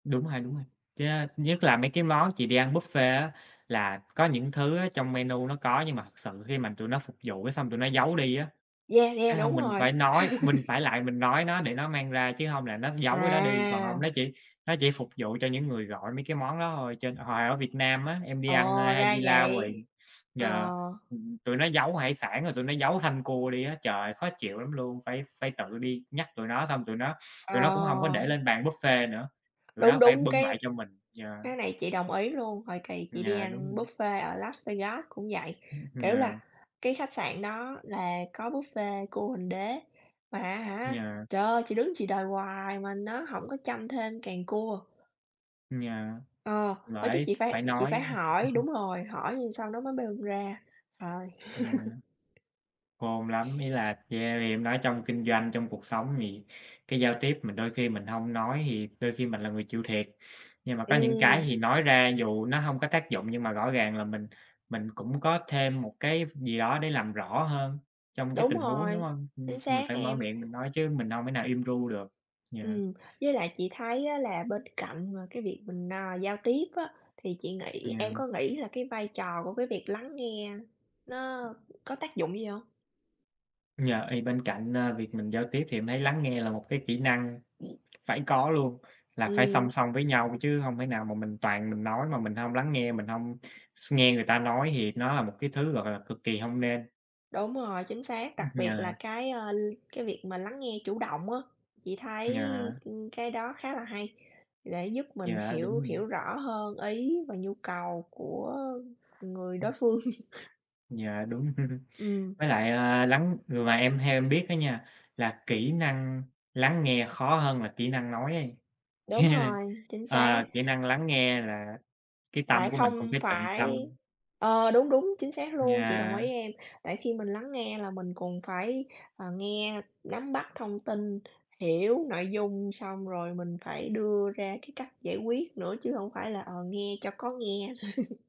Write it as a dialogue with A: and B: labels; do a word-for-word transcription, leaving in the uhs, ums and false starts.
A: Đúng ha, đúng ha. Yeah, nhất là mấy cái món chỉ để ăn buffet á, là có những thứ á trong menu nó có nhưng mà thực sự khi mà tụi nó phục vụ cái xong tụi nó giấu đi á.
B: Yeah, yeah,
A: Cái
B: đúng
A: xong mình
B: rồi.
A: phải nói, mình phải lại mình nói nó để nó mang ra chứ hông là nó giấu cái đó đi, còn hông
B: À.
A: nó chỉ nó chỉ phục vụ cho những người gọi mấy cái món đó thôi. Trên ờ, hồi ở Việt Nam á, em đi ăn, ơ,
B: Ồ! Ra
A: Haidilao rồi
B: vậy. Ờ.
A: yeah, ừm, tụi nó giấu hải sản rồi tụi nó giấu thanh cua đi á. Trời ơi! Khó chịu lắm luôn, phải phải tự đi nhắc tụi nó, xong tụi nó tụi nó cũng hông có
B: Ờ.
A: để lên bàn buffet nữa, tụi nó
B: Đúng,
A: phải
B: đúng,
A: bưng lại
B: cái
A: cho mình, yeah.
B: cái này chị đồng ý luôn. Hồi kỳ chị đi
A: Dạ, đúng
B: ăn
A: rồi.
B: buffet ở Las Vegas cũng vậy,
A: Ưm,
B: kiểu là,
A: yeah.
B: cái khách sạn đó là có buffet cua huỳnh đế, mà á hả,
A: Yeah.
B: trời ơi, chị đứng chị đòi hoài mà nó hổng có châm thêm càng cua.
A: Yeah,
B: Ờ, phải cái
A: vải
B: chị
A: phải
B: phải chị phải
A: nói.
B: hỏi đúng rồi, hỏi nhưng sau nó mới bê ra, rồi.
A: Yeah. Khôn lắm, ý là, yeah, vì em nói trong kinh doanh, trong cuộc sống thì cái giao tiếp mình đôi khi mình hông nói thì đôi khi mình là người chịu thiệt, nhưng mà có những cái
B: Ừm.
A: thì nói ra, dù nó hông có tác dụng nhưng mà rõ ràng là mình mình cũng có thêm một cái gì đó để làm rõ hơn trong cái
B: Đúng
A: tình huống, đúng
B: rồi,
A: hông? Ừm,
B: chính
A: mình
B: xác,
A: phải mở
B: em.
A: miệng mình nói chứ mình đâu mể nào im ru được, yeah.
B: Ừm, với lại chị thấy á là bên cạnh mà cái việc mình, à, giao tiếp á, thì chị nghĩ em
A: Yeah.
B: có nghĩ là cái vai trò của cái việc lắng nghe nó có tác dụng gì hông?
A: Yeah, thì bên cạnh, à, việc mình giao tiếp thì em thấy lắng nghe là một cái kỹ năng phải có luôn. Là phải song
B: Ừm.
A: song với nhau chứ hông thể nào mà mình toàn mình nói mà mình hông lắng nghe, mình hông s nghe người ta nói thì nó là một cái thứ, gọi là, cực kỳ hông nên.
B: Đúng rồi, chính xác.
A: Ưm,
B: Đặc biệt là
A: yeah.
B: cái, ơ, l cái việc mà lắng nghe chủ động á, chị thấy,
A: Yeah.
B: ưm, cái đó khá là hay, để giúp mình
A: Yeah, đúng
B: hiểu
A: rồi.
B: hiểu rõ hơn ý và nhu cầu của người đối
A: Ừm.
B: phương.
A: Dạ, đúng.
B: Ừm.
A: Với lại là lắng ờ, mà em theo em biết á nha, là kỹ năng lắng nghe khó hơn là kỹ năng nói ấy.
B: Đúng rồi, chính
A: Ờ,
B: xác.
A: kỹ năng lắng nghe là cái
B: Tại
A: tâm của mình cũng
B: không
A: phải tịnh
B: phải
A: tâm.
B: ờ, đúng, đúng, chính xác luôn, chị đồng ý,
A: Yeah.
B: em. Tại khi mình lắng nghe là mình còn phải, ờ, nghe, nắm bắt thông tin, hiểu nội dung, xong rồi mình phải đưa ra cái cách giải quyết nữa chứ hổng phải là, ờ, nghe cho có nghe.